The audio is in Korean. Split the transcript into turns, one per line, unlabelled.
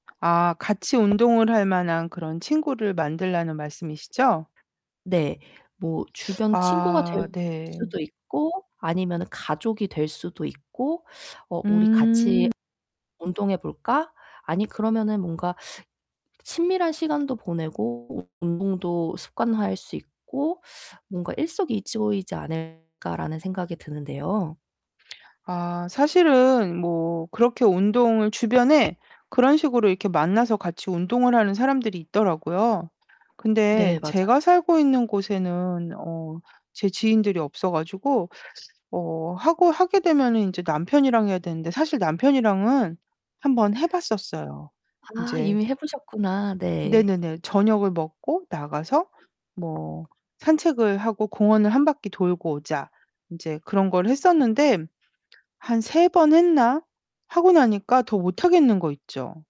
아 같이 운동을 할 만한 그런 친구를 만들라는 말씀이시죠?
네. 뭐 주변 친구가
아
될
네.
수도 있고 아니면은 가족이 될 수도 있고 "어 우리 같이
음.
운동해 볼까?" 아니 '그러면은 뭔가 친밀한 시간도 보내고 운동도 습관화할 수 있고 뭔가 일석이조이지 않을까?'라는 생각이 드는데요.
아 사실은 뭐 그렇게 운동을 주변에 그런 식으로 이렇게 만나서 같이 운동을 하는 사람들이 있더라고요. 근데
네 맞아요.
제가 살고 있는 곳에는 어 제 지인들이 없어 가지고 어 하고 하게 되면은 이제 남편이랑 해야 되는데 사실 남편이랑은 1 번 해 봤었어요.
아
인제
이미 해 보셨구나. 네.
네네네. 저녁을 먹고 나가서 뭐 '산책을 하고 공원을 1 바퀴 돌고 오자.' 인제 그런 걸 했었는데 한 3 번 했나? 하고 나니까 더 못하겠는 거 있죠.